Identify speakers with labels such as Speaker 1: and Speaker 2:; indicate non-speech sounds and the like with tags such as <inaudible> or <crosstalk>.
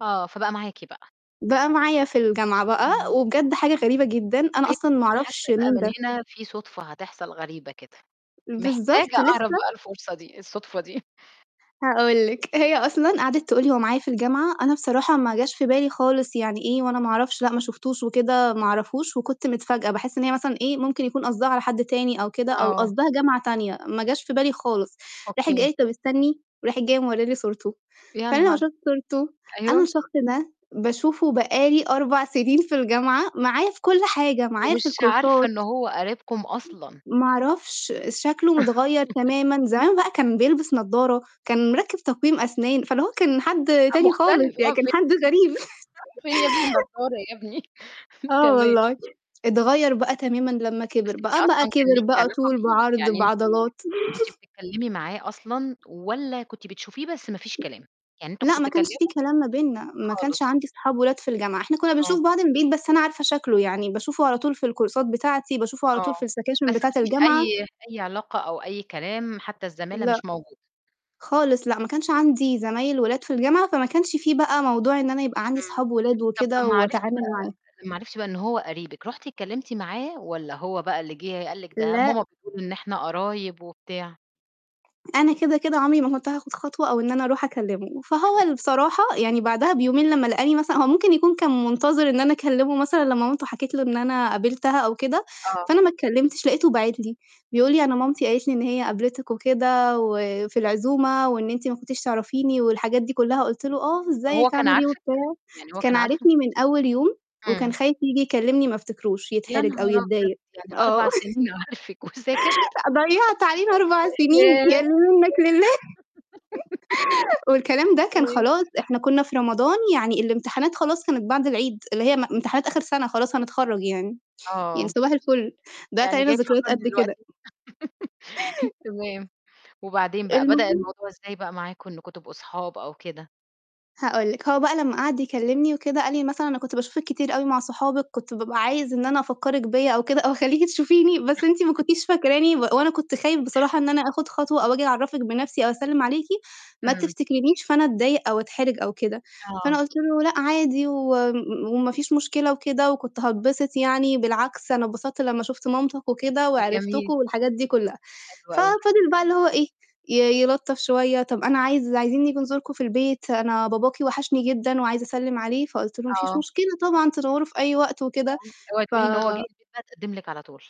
Speaker 1: آه، فبقى معاكِ بقى.
Speaker 2: بقى معايا في الجامعة بقى،
Speaker 1: إمم.
Speaker 2: وبجد حاجة غريبة جدًا، أنا
Speaker 1: <unintelligible>
Speaker 2: أصلًا ما
Speaker 1: أنا حاسّة
Speaker 2: أعرفش
Speaker 1: بقى
Speaker 2: مين
Speaker 1: من
Speaker 2: ده.
Speaker 1: هنا في صُدفة هتحصل غريبة كده، محتاجة
Speaker 2: بالضبط،
Speaker 1: أعرف
Speaker 2: لسّه
Speaker 1: بقى الفرصة دي الصُدفة دي. <chuckles>
Speaker 2: هاقول لِك، هي أصلًا قَعَدِت تقول لي: "هو معايا في الجامعة،" أنا بصراحة ما جاش في بالي خالص، "يعني إيه؟ وأنا ما أعرفش. لأ، ما شُفتوش وكده، ما أعرفوش." وكنت متفاجأة، باحس إن هي مثلًا إيه ممكن يكون قصدها على حد تاني أو كده، أو
Speaker 1: آه.
Speaker 2: قصدها جامعة تانية، ما جاش في بالي خالص. راحت جاية
Speaker 1: أوكي.
Speaker 2: قالت: "طَب استنّي،" وراحة جاية مورّية لي صورته.
Speaker 1: يا
Speaker 2: فأنا لمّا
Speaker 1: نهار!
Speaker 2: شُفت صورته، أنا
Speaker 1: أيوه.
Speaker 2: الشخص ده باشوفه بقى لي 4 سِنين في الجامعة معايا في كلّ حاجة، معايا في
Speaker 1: ومش عارفة إنه
Speaker 2: الكورسات.
Speaker 1: هو قريبكم أصلًا.
Speaker 2: ما أعرفش، شكله متغيّر
Speaker 1: <laughs>
Speaker 2: تمامًا، زمان بقى كان بيلبس نضارة، كان مركّب تقويم أسنان، فاللي هو كان حد
Speaker 1: أ
Speaker 2: تاني خالص،
Speaker 1: مختلف
Speaker 2: يعني
Speaker 1: آه،
Speaker 2: كان
Speaker 1: في
Speaker 2: حد غريب.
Speaker 1: فين يا ابني
Speaker 2: <chuckles>
Speaker 1: النضارة يا ابني؟ <chuckles>
Speaker 2: آه
Speaker 1: تمام.
Speaker 2: والله. أتغيّر بقى تمامًا لمّا
Speaker 1: بس
Speaker 2: كِبر،
Speaker 1: أنتِ
Speaker 2: بقى بقى
Speaker 1: أصلًا كان
Speaker 2: كِبر،
Speaker 1: ليكِ
Speaker 2: بقى
Speaker 1: علاقة
Speaker 2: طول
Speaker 1: بيه؟
Speaker 2: بعرض
Speaker 1: يعني أنتِ
Speaker 2: بعضلات.
Speaker 1: كنتِ
Speaker 2: <chuckles>
Speaker 1: بتتكلِّمي معاه أصلًا، والّا كنتِ بتشوفيه بس ما فيش كلام، يعني أنتم
Speaker 2: لأ،
Speaker 1: كنتم
Speaker 2: ما كانش في
Speaker 1: بتتكلِّموا؟
Speaker 2: كلام ما بيننا، ما كانش
Speaker 1: خالص.
Speaker 2: عندي صحاب ولاد في الجامعة، إحنا كنّا
Speaker 1: آه.
Speaker 2: بنشوف بعض من بعيد، بس أنا عارفة شكله، يعني باشوفه على طول في الكورسات بتاعتي، باشوفه على طول
Speaker 1: آه،
Speaker 2: في السكاشن
Speaker 1: بس ما
Speaker 2: بتاعة
Speaker 1: فيش
Speaker 2: الجامعة
Speaker 1: أي أي علاقة أو أي كلام، حتّى الزمالة
Speaker 2: لأ.
Speaker 1: مش موجودة.
Speaker 2: خالص، لأ، ما كانش عندي زمايل ولاد في الجامعة، فما كنش في بقى موضوع إن أنا يبقى عندي
Speaker 1: إمم.
Speaker 2: أصحاب ولاد
Speaker 1: طَب
Speaker 2: وكده،
Speaker 1: لمّا عرفتِ
Speaker 2: وأتعامل
Speaker 1: بقى
Speaker 2: معاه.
Speaker 1: لمّا عرفتِ بقى إنه هو قريبِك، رُحتِ اتكلِّمتِ معاه، والّا هو بقى اللي جِه قال لِك ده
Speaker 2: لأ.
Speaker 1: ماما بتقول إن إحنا قرايب وبتاع؟
Speaker 2: أنا كده، كده عمري ما كنت هاخد خطوة، أو إن أنا أروح أكلِّمه، فهو
Speaker 1: إمم.
Speaker 2: اللي بصراحة يعني بعدها بيومين لمّا لقاني مثلًا هو ممكن يكون كان منتظر إن أنا أكلِّمه مثلًا، لمّا مامته حكت له إن أنا قابِلتها أو كده،
Speaker 1: آه.
Speaker 2: فأنا ما اتكلِّمتش، لقيته باعت لي بيقول لي: "أنا مامتي قالت لي إن هي قابلتِك وكده، وفي العزومة، وإن أنتِ ما كنتيش تعرفيني." والحاجات دي كُلّها. قُلت له: "آه،
Speaker 1: وهو
Speaker 2: إزيك
Speaker 1: كان
Speaker 2: عامل إيه؟"
Speaker 1: عارفك؟
Speaker 2: وبتاع.
Speaker 1: يعني هو
Speaker 2: كان
Speaker 1: كان عارفكِ؟
Speaker 2: عارفني من أول يوم، وكان
Speaker 1: إمم.
Speaker 2: خايف ييجي يكلِّمني ما افتكروش،
Speaker 1: يا
Speaker 2: يتحرج أو
Speaker 1: نهار أبيض!
Speaker 2: يتضايق.
Speaker 1: يعني
Speaker 2: آه.
Speaker 1: 4 سِنين عارفِك، وساكت؟!
Speaker 2: <chuckles> ضيّعت علينا 4 سِنين
Speaker 1: ياه!
Speaker 2: يا اللي منّك لله <chuckles> والكلام ده كان
Speaker 1: <laughs> <unintelligible>
Speaker 2: خلاص، إحنا كُنّا في رمضان يعني الإمتحانات خلاص كانت بعد العيد، اللي هي ام امتحانات آخِر سَنة خلاص هنتخرّج يعني. يعني
Speaker 1: آه.
Speaker 2: صباح الفُل، ضيّعت
Speaker 1: يعني
Speaker 2: علينا
Speaker 1: جاي
Speaker 2: ذكريات
Speaker 1: تفكّرني
Speaker 2: قد كده.
Speaker 1: دلوقتي؟ <laughs> تمام. وبعدين بقى، بدأ
Speaker 2: المهم
Speaker 1: الموضوع إزاي بقى معاكم إنّكم تبقوا صحاب أو كده؟
Speaker 2: هاقول لِك، هو بقى لمّا قَعَد يكلِّمني وكده، قال لي مثلًا "أنا كنت باشوفِك كتير أوي مع صحابِك، كنت بابقى عايزة إن أنا أفكّرِك بيّا أو كده، أو أخلّيكِ تشوفيني، بس أنتِ ما
Speaker 1: <chuckles>
Speaker 2: كنتيش فاكراني، و وأنا كنت خايف بصراحة إن أنا آخُد خطوة أو آجي أعرّفِك بنفسي، أو أسلِّم عليكِ، ما
Speaker 1: إمم.
Speaker 2: تفتكرينش، فأنا أتضايق أو أتحرج أو كده." فأنا
Speaker 1: آه.
Speaker 2: قُلت له: "لأ عادي وم م وما فيش مشكلة وكده، وكنت هاتبسط يعني. بالعكس أنا اتبسطت لمّا شُفت مامتك وكده وعرفتكم."
Speaker 1: جميل.
Speaker 2: والحاجات دي كُلّها.
Speaker 1: حلو أوي.
Speaker 2: ففضل بقى اللي هو إيه، ي يلّطف شوية، "طَب أنا عايز عايزين نيجي نزوركم في البيت، أنا باباكِ وحشني جدًا، وعايز أسلِّم عليه." فقُلت له: "ما فيش
Speaker 1: آه.
Speaker 2: مشكلة طبعًا تنوّروا في أي وقت وكده."
Speaker 1: اوعي تقولي إن هو جِه
Speaker 2: ف
Speaker 1: <unintelligible> اتقدّم لِك على طول!